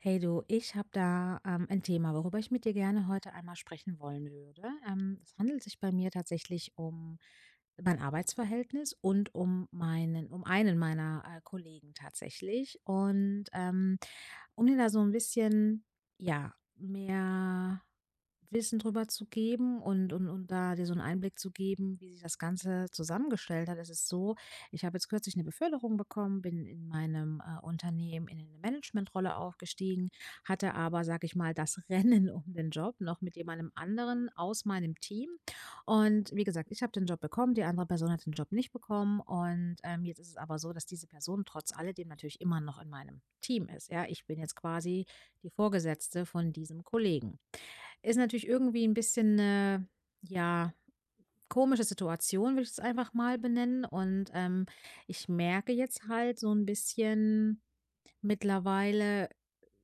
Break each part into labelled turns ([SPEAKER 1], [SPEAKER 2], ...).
[SPEAKER 1] Hey du, ich habe da, ähm, ein Thema, worüber ich mit dir gerne heute einmal sprechen wollen würde. Ähm, es handelt sich bei mir tatsächlich um mein Arbeitsverhältnis und um meinen um einen meiner, äh, Kollegen tatsächlich und, ähm, um dir da so 'n bisschen, ja, mehr Wissen darüber zu geben und und und da dir so 'n Einblick zu geben, wie sich das Ganze zusammengestellt hat, es ist so, ich habe jetzt kürzlich 'ne Beförderung bekommen, bin in meinem, äh, Unternehmen, in 'ne Management-Rolle aufgestiegen, hatte aber, sage ich mal, dass Rennen um den Job noch mit jemanden anderen aus meinem Team. Und wie gesagt, ich habe den Job bekommen, die andere Person hat den Job nicht bekommen und, ähm, jetzt ist es aber so das diese Person trotz alledem natürlich immer noch in meinem Team ist. Ja, ich bin jetzt quasi die Vorgesetzte von diesem Kollegen. Ist natürlich irgendwie 'n bisschen, äh, ja komische Situation, würde ich es einfach mal benennen und, ähm, ich merke jetzt halt so 'n bisschen mittlerweile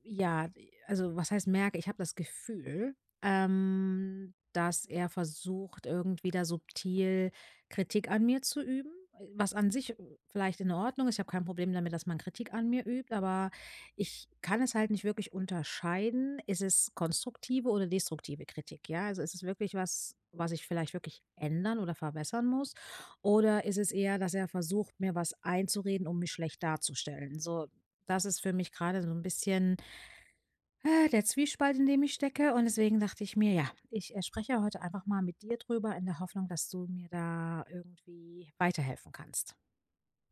[SPEAKER 1] ja, also was heißt merke, ich habe das Gefühl, ähm, dass er versucht, irgendwie da subtil Kritik an mir zu üben, e was an sich vielleicht in Ordnung ist, ich habe kein Problem damit, dass man Kritik an mir übt, aber ich kann es halt nicht wirklich unterscheiden: Ist es konstruktive oder destruktive Kritik? Ja, ist es wirklich was, was ich vielleicht wirklich ändern oder verbessern muss? Oder ist es eher, dass er versucht, mir was einzureden, um mich schlecht darzustellen, so, das ist für mich gerade so 'n bisschen äh, der Zwiespalt, in dem ich stecke und deswegen dachte ich mir ja, ich, äh, spreche heute einfach mal mit dir darüber in der Hoffnung, dass du mir da irgendwie weiterhelfen kannst.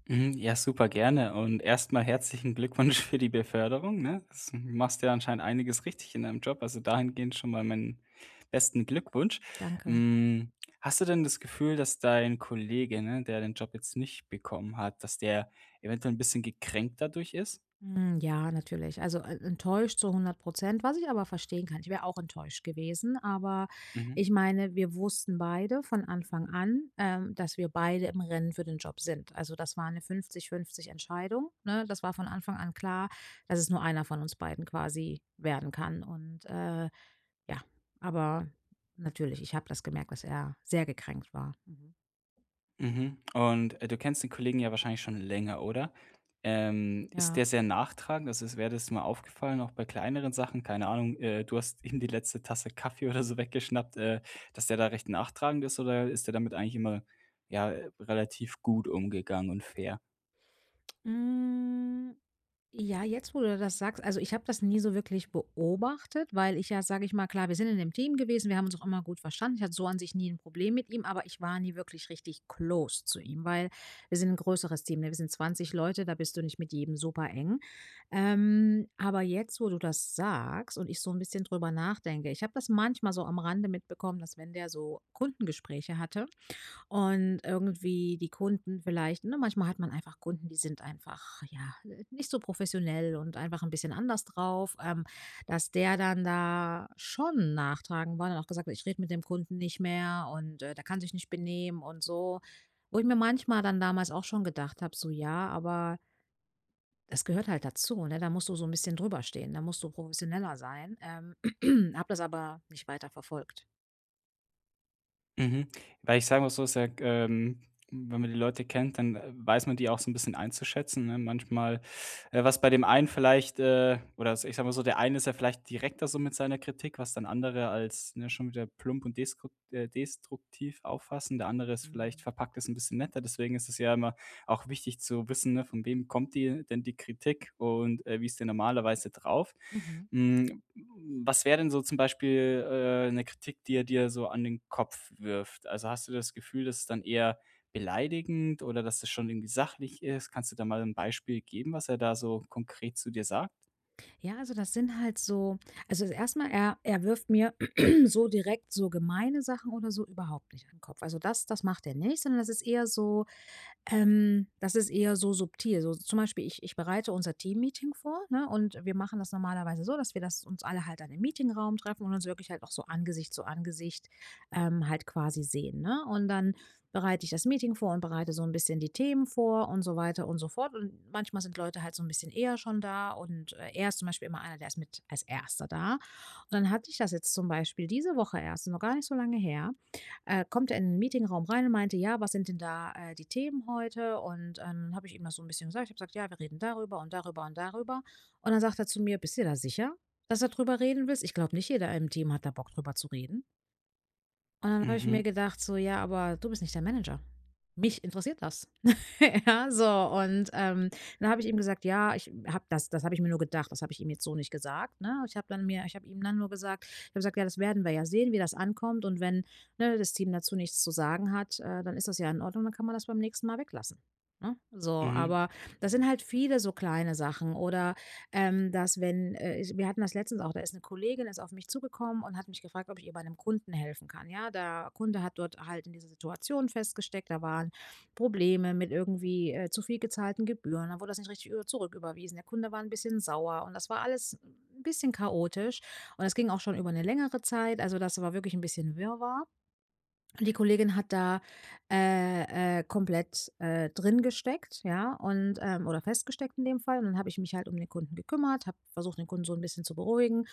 [SPEAKER 2] Mhm, ja, super gerne. Und erstmal herzlichen Glückwunsch für die Beförderung, ne? S machst ja anscheinend einiges richtig in deinem Job, also dahingehend schon mal meinen besten Glückwunsch.
[SPEAKER 1] Danke.
[SPEAKER 2] Hm, hast du denn das Gefühl, dass dein Kollege, ne, der den Job jetzt nicht bekommen hat, dass der eventuell 'n bisschen gekränkt dadurch ist?
[SPEAKER 1] Hm, ja, natürlich. Also, e enttäuscht zu 100 %. Was ich aber verstehen kann. Ich wäre auch enttäuscht gewesen, aber,
[SPEAKER 2] Mhm.
[SPEAKER 1] ich meine, wir wussten beide von Anfang an, ähm, dass wir beide im Rennen für den Job sind. Also, das war 'ne 50:50 Entscheidung, ne? Das war von Anfang an klar, dass es nur einer von uns beiden quasi werden kann. Und, äh, ja, aber natürlich, ich habe das gemerkt, dass er sehr gekränkt war. Mhm.
[SPEAKER 2] Mhm, und, äh, du kennst den Kollegen ja wahrscheinlich schon länger, oder? Ähm, ist
[SPEAKER 1] Ja.
[SPEAKER 2] der sehr nachtragend, also s wäre das mal aufgefallen, auch bei kleineren Sachen, keine Ahnung, äh, du hast ihm die letzte Tasse Kaffee oder so weggeschnappt, äh, dass der da recht nachtragend ist oder ist der damit eigentlich immer, ja, äh, relativ gut umgegangen und fair?
[SPEAKER 1] Hm, ja, jetzt, wo du das sagst, also, ich habe das nie so wirklich beobachtet, weil ich ja, sage ich mal klar, wir sind in 'nem Team gewesen, wir haben uns auch immer gut verstanden, ich hatte so an sich nie 'n Problem mit ihm, aber ich war nie wirklich richtig close zu ihm, weil wir sind 'n größeres Team, ne, wir sind 20 Leute, da bist du nicht mit jedem super eng. Ähm, aber jetzt, wo du das sagst und ich so 'n bisschen drüber nachdenke, ich habe das manchmal so am Rande mitbekommen, dass wenn der so Kundengespräche hatte und irgendwie die Kunden vielleicht ne, manchmal hat man einfach Kunden, die sind einfach ja, äh, nicht so professionell und einfach 'n bisschen anders drauf, ähm, dass der dann da schon nachtragend war, und dann auch gesagt: „Ich rede mit dem Kunden nicht mehr“ und, äh: „Der kann sich nicht benehmen“ und so, wo ich mir manchmal dann damals auch schon gedacht habe, so: „Ja, aber das gehört halt dazu, ne, da musst du so 'n bisschen drüber stehen, da musst du professioneller sein.“ Ähm, habe das aber nicht weiter verfolgt.
[SPEAKER 2] Mhm, weil ich sage mal so sage, ähm wenn man die Leute kennt, dann, äh, weiß man die auch so 'n bisschen einzuschätzen, ne? Manchmal äh, was bei dem einen vielleicht, äh oder es ich sage mal so, der eine ist ja vielleicht direkter so mit seiner Kritik, was dann andere als, ne, schon wieder plump und deskrukt äh, destruktiv auffassen, der andere ist vielleicht verpackt es 'n bisschen netter. Deswegen ist es ja immer auch wichtig zu wissen, ne, von wem kommt die denn die Kritik und, äh, wie ist der normalerweise drauf?
[SPEAKER 1] Mhm.
[SPEAKER 2] Hm, was wäre denn so zum Beispiel, äh, 'ne Kritik, die er dir so an den Kopf wirft? Also, hast du das Gefühl, dass es dann eher beleidigend oder dass das schon irgendwie sachlich ist? Kannst du da mal 'n Beispiel geben, was er da so konkret zu dir sagt?
[SPEAKER 1] Ja. Also, das sind halt so Also, erstmal er er wirft mir so direkt so gemeine Sachen oder so überhaupt nicht an 'n Kopf. Also das das macht er nicht, sondern das ist eher so ähm, das ist eher so subtil, so zum Beispiel ich ich bereite unser Teammeeting vor, ne? Und wir machen das normalerweise so, dass wir das uns alle halt dann im Meetingraum treffen und uns wirklich auch so Angesicht zu Angesicht, ähm, halt quasi sehen, ne? Und dann bereite ich das Meeting vor und bereite so 'n bisschen die Themen vor und so weiter und so fort. Und manchmal sind Leute halt so 'n bisschen eher schon da. Und er ist zum Beispiel immer einer, der ist mit als Erster da. Und dann hatte ich das jetzt zum Beispiel diese Woche erst, noch gar nicht so lange her. Äh, kommt er in 'n Meetingraum rein und meinte: „Ja, was sind denn da, äh, die Themen heute?“ Und, ähm, dann habe ich ihm das so 'n bisschen gesagt. Ich habe gesagt: „Ja, wir reden darüber und darüber und darüber.“ Und dann sagt er zu mir: „Bist du dir da sicher, dass du darüber reden willst? Ich glaube nicht, jeder im Team hat da Bock, darüber zu reden.“ Und, dann habe ich
[SPEAKER 2] Mhm.
[SPEAKER 1] mir gedacht, so: „Ja, aber du bist nicht der Manager. Mich interessiert das.“ Ja, so und, ähm, dann habe ich eben gesagt: „Ja, ich habe das“ Das habe ich mir nur gedacht, das habe ich ihm jetzt so nicht gesagt, ne? Ich habe dann mir ich habe ihm dann nur gesagt ich habe gesagt: „Ja, das werden wir ja sehen, wie das ankommt und wenn, ne, das Team dazu nichts zu sagen hat, äh, dann ist das ja in Ordnung, dann kann man das beim nächsten Mal weglassen“, ne? So,
[SPEAKER 2] Mhm.
[SPEAKER 1] aber das sind halt viele so kleine Sachen oder, ähm, dass, wenn, äh, ich wir hatten das letztens auch. Da ist ‘ne Kollegin ist auf mich zugekommen und hat mich gefragt, ob ich ihr bei ‘nem Kunden helfen kann. Ja, da Kunde hat dort halt in dieser Situation festgesteckt, da waren Probleme mit irgendwie, äh, zu viel gezahlten Gebühren und dann wurde das nicht richtig über zurücküberwiesen. Der Kunde war ‘n bisschen sauer, und das war alles ‘n bisschen chaotisch. Und das ging auch schon über ‘ne längere Zeit, also das war wirklich ‘n bisschen Wirrwarr. Die Kollegin hat da, äh, äh, komplett, äh, drin gesteckt, ja, und, ähm oder festgesteckt in dem Fall, und dann habe ich mich halt um den Kunden gekümmert, habe versucht, den Kunden so ‘n bisschen zu beruhigen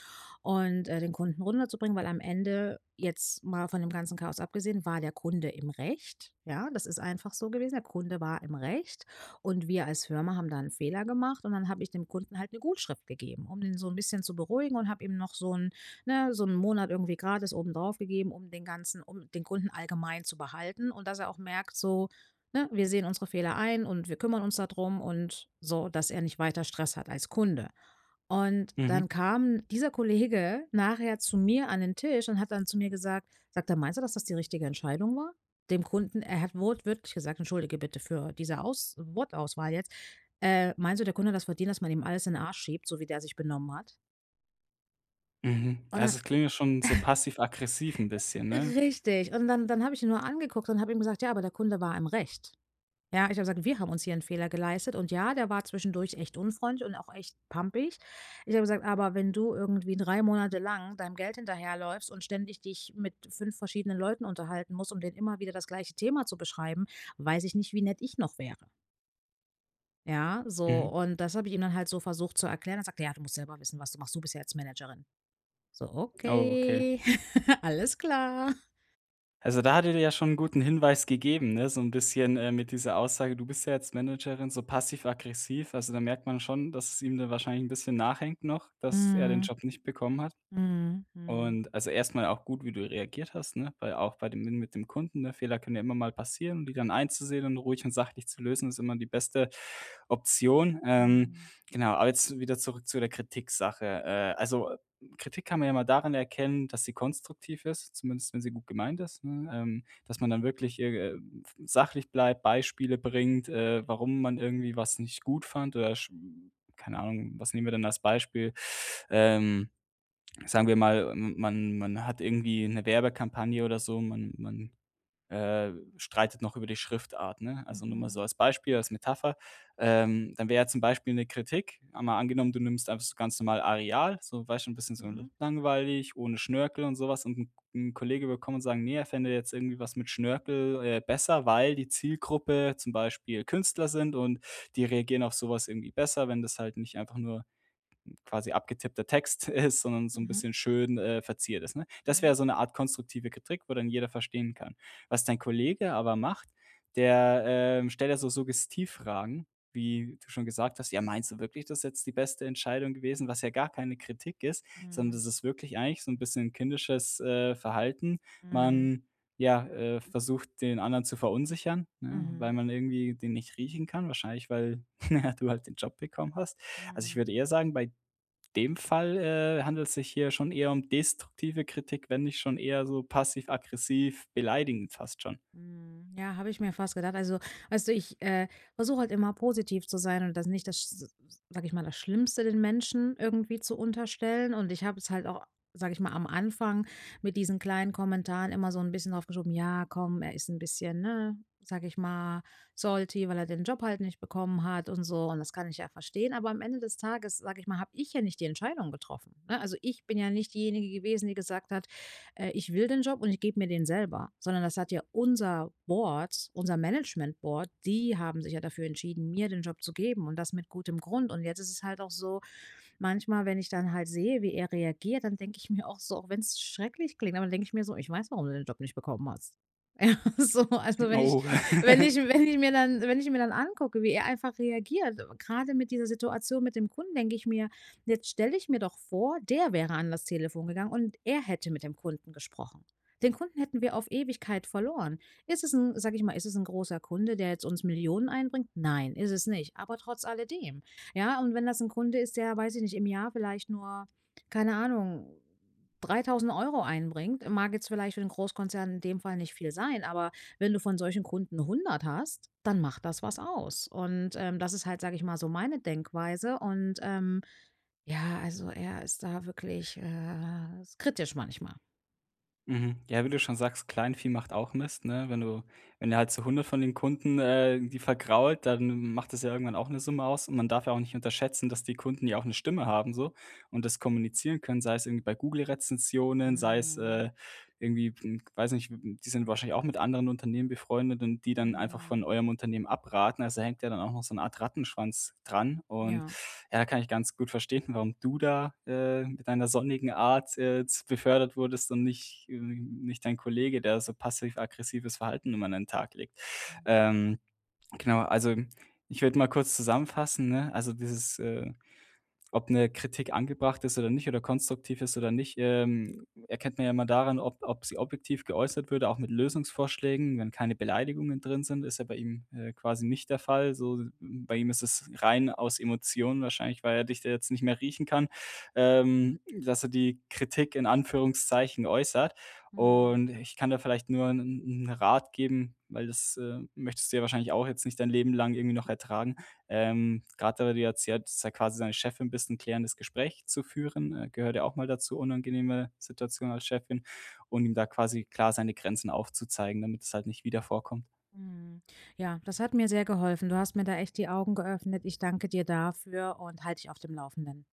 [SPEAKER 1] und, äh, den Kunden runterzubringen, weil am Ende, jetzt mal von dem ganzen Chaos abgesehen, war der Kunde im Recht, ja, das ist einfach so gewesen. Der Kunde war im Recht. Und wir als Firma haben da ‘n Fehler gemacht, und dann habe ich dem Kunden halt ‘ne Gutschrift gegeben, um ihn so ‘n bisschen zu beruhigen und habe ihm noch so ‘n ne, so ‘n Monat irgendwie gratis obendrauf gegeben, um den Ganzen um den Kunden allgemein zu behalten und dass er auch merkt so, ne, wir sehen unsere Fehler ein und wir kümmern uns da drum und so, dass er nicht weiter Stress hat als Kunde. Und
[SPEAKER 2] Mhm.
[SPEAKER 1] dann kam dieser Kollege nachher zu mir an den Tisch und hat dann zu mir gesagt sagt er: „Meinst du, dass das die richtige Entscheidung war? Dem Kunden“ er hat wortwörtlich gesagt Entschuldige bitte für diese Aus Wortauswahl jetzt: „Äh, meinst du, der Kunde hat das verdient, dass man ihm alles in den Arsch schiebt, so wie der sich benommen hat?“
[SPEAKER 2] Mhm,
[SPEAKER 1] Oder
[SPEAKER 2] also, es klingt ja schon so passiv-aggressiv 'n bisschen, ne?
[SPEAKER 1] Richtig. Und dann dann habe ich ihn nur angeguckt und habe ich ihm gesagt: „Ja, aber der Kunde war im Recht“. Ja, ich habe gesagt: „Wir haben uns hier 'n Fehler geleistet,“ und ja, der war zwischendurch echt unfreundlich und auch echt pampig. Ich habe gesagt: „Aber wenn du irgendwie 3 Monate lang deinem Geld hinterherläufst und ständig dich mit 5 verschiedenen Leuten unterhalten musst, um denen immer wieder das gleiche Thema zu beschreiben, weiß ich nicht, wie nett ich noch wäre.“ Ja, so
[SPEAKER 2] Mhm.
[SPEAKER 1] und das habe ich ihm dann halt so versucht zu erklären, dann sagt er: „Ja, du musst selber wissen, was du machst. Du bist ja jetzt Managerin.“ So,
[SPEAKER 2] Ah, okay.
[SPEAKER 1] okay. Alles klar.
[SPEAKER 2] Also, da hat er dir ja schon 'n guten Hinweis gegeben, ne, so 'n bisschen, äh, mit dieser Aussage, du bist ja jetzt Managerin, so passiv-aggressiv. Also, da merkt man schon, dass es ihm dann wahrscheinlich 'n bisschen nachhängt noch, dass er den
[SPEAKER 1] Mhm.
[SPEAKER 2] Job nicht bekommen hat.
[SPEAKER 1] Mhm, mhm.
[SPEAKER 2] Und, also, erstmal auch gut, wie du reagiert hast, ne, weil auch bei dem n mit dem Kunden, Fehler können ja immer mal passieren, und die dann einzusehen und ruhig und sachlich zu lösen, ist immer die beste Option. Ähm,
[SPEAKER 1] Mhm.
[SPEAKER 2] genau, aber jetzt wieder zurück zu der Kritik Sache. Äh, also, Kritik kann man ja immer daran erkennen, dass sie konstruktiv ist, zumindest wenn sie gut gemeint ist, ne? Ähm, dass man dann wirklich ir ähm, f sachlich bleibt, Beispiele bringt, äh, warum man irgendwie was nicht gut fand, oder sch keine Ahnung, was nehmen wir denn als Beispiel? Ähm, sagen wir mal, ähm, man man hat irgendwie 'ne Werbekampagne oder so, man man, äh, streitet noch über die Schriftart, ne? Also, nur mal so
[SPEAKER 1] Mhm.
[SPEAKER 2] als Beispiel, als Metapher. Ähm, dann wäre zum Beispiel 'ne Kritik, einmal angenommen, du nimmst einfach ganz normal Areal, so weißt du 'n bisschen so
[SPEAKER 1] Mhm.
[SPEAKER 2] langweilig, ohne Schnörkel und sowas und 'n 'n Kollege will kommen und sagen: „Ne, er fände jetzt irgendwie was mit Schnörkel, äh, besser, weil die Zielgruppe zum Beispiel Künstler sind und die reagieren auf sowas irgendwie besser, wenn das halt nicht einfach nur quasi abgetippter Text ist, sondern so 'n
[SPEAKER 1] Mhm.
[SPEAKER 2] bisschen schön, äh, verziert ist“, ne? Das wäre
[SPEAKER 1] Mhm.
[SPEAKER 2] so 'ne Art konstruktive Kritik, wo dann jeder verstehen kann. Was dein Kollege aber macht, der, ähm, stellt ja so Suggestivfragen, wie du schon gesagt hast: „Ja, meinst du wirklich, das ist jetzt die beste Entscheidung gewesen?“ Was ja gar keine Kritik ist, sondern
[SPEAKER 1] Mhm.
[SPEAKER 2] das ist wirklich eigentlich so 'n bisschen ein kindisches, äh, Verhalten.
[SPEAKER 1] Mhm.
[SPEAKER 2] Man, ja, äh, versucht, den anderen zu verunsichern, ne, weil
[SPEAKER 1] Mhm.
[SPEAKER 2] man irgendwie den nicht riechen kann, wahrscheinlich, weil du halt den Job bekommen hast. Also, ich
[SPEAKER 1] Mhm.
[SPEAKER 2] würde eher sagen, bei dem Fall, äh, handelt's sich hier schon eher um destruktive Kritik, wenn nicht schon eher so passiv-aggressiv beleidigend fast schon.
[SPEAKER 1] Mhm, ja, habe ich mir fast gedacht. Also, weißt du, ich, äh, versuche halt immer positiv zu sein und das nicht das sch s sage ich mal das Schlimmste, den Menschen irgendwie zu unterstellen. Und ich habe es halt auch, sage ich mal am Anfang mit diesen kleinen Kommentaren immer so 'n bisschen aufgeschoben: „Ja, komm, er ist 'n bisschen, ne, sage ich mal salty, weil er den Job halt nicht bekommen hat und so“, und das kann ich ja verstehen. Aber am Ende des Tages, sage ich mal, habe ich ja nicht die Entscheidung getroffen, ne? Also, ich bin ja nicht diejenige gewesen, die gesagt hat: „Äh, ich will den Job und ich gebe mir den selber.“ Sondern das hat ja unser Board unser Management Board, die haben sich ja dafür entschieden, mir den Job zu geben und das mit gutem Grund. Und jetzt ist es halt auch so manchmal, wenn ich dann halt sehe, wie er reagiert, dann denke ich mir auch so, auch wenn's schrecklich klingt. Aber dann denke ich mir so: „Ich weiß, warum du den Job nicht bekommen hast“. So, also, wenn ich
[SPEAKER 2] Oh
[SPEAKER 1] wenn ich wenn ich mir dann wenn ich mir dann angucke, wie er einfach reagiert. Äh, gerade mit dieser Situation mit dem Kunden denke ich mir jetzt stelle ich mir doch vor der wäre an das Telefon gegangen und er hätte mit dem Kunden gesprochen. Den Kunden hätten wir auf Ewigkeit verloren. Ist es 'n, sage ich mal, ist es 'n großer Kunde, der jetzt uns Millionen einbringt? Nein, ist es nicht. Aber trotz alledem. Ja? Und wenn das 'n Kunde ist, der weiß ich nicht im Jahr vielleicht nur keine Ahnung, 3.000 € einbringt, mag jetzt vielleicht für den Großkonzern in dem Fall nicht viel sein, aber wenn du von solchen Kunden 100 hast, dann macht das was aus. Und, ähm, das ist halt, sage ich mal so meine Denkweise und, ähm, ja, also, er ist da wirklich, äh, kritisch manchmal.
[SPEAKER 2] Mhm, ja, wie du schon sagst: „Kleinvieh macht auch Mist" ne? Wenn du wenn der halt so 100 von den Kunden, äh, irgendwie vergrault, dann m macht das ja irgendwann auch 'ne Summe aus, und man darf ja auch nicht unterschätzen, dass die Kunden ja auch 'ne Stimme haben so und das kommunizieren können, sei es irgendwie bei Google-Rezensionen, sei es,
[SPEAKER 1] Mhm.
[SPEAKER 2] äh, irgendwie, hm, weiß nicht w w die sind wahrscheinlich auch mit anderen Unternehmen befreundet und die dann einfach von
[SPEAKER 1] Mhm.
[SPEAKER 2] eurem Unternehmen abraten. Also da hängt ja dann auch noch so 'ne Art "Rattenschwanz" dran und
[SPEAKER 1] Ja.
[SPEAKER 2] ja, kann ich ganz gut verstehen, warum du da, äh, mit deiner sonnigen Art, äh, z befördert wurdest und nicht ähm, nicht dein Kollege, der so passiv-aggressives Verhalten immer an den Tag legt.
[SPEAKER 1] Mhm.
[SPEAKER 2] Ähm, genau, also, ich würde mal kurz zusammenfassen, ne? Also dieses äh, ob 'ne Kritik angebracht ist oder nicht oder konstruktiv ist oder nicht, ähm, erkennt man ja immer daran, ob ob sie objektiv geäußert würde, auch mit Lösungsvorschlägen, wenn keine Beleidigungen drin sind ist ja bei ihm, äh, quasi nicht der Fall, so m bei ihm ist es rein aus Emotionen wahrscheinlich, weil er dich da jetzt nicht mehr riechen kann. Ähm, dass er die "Kritik" in Anführungszeichen äußert.
[SPEAKER 1] Mhm.
[SPEAKER 2] Und ich kann dir vielleicht nur 'n 'n Rat geben, weil das, äh, möchtest du ja wahrscheinlich auch jetzt nicht dein Leben lang irgendwie noch ertragen. Ähm, grade weil du ja erzählt, dass du ja quasi seine Chefin bist 'n klärendes Gespräch zu führen, äh, gehört ja auch mal dazu. Unangenehme Situation als Chefin, und ihm da quasi klar seine Grenzen aufzuzeigen, damit es halt nicht wieder vorkommt.
[SPEAKER 1] Mhm. Ja, das hat mir sehr geholfen. Du hast mir da echt die Augen geöffnet. Ich danke dir dafür und halte dich auf dem Laufenden.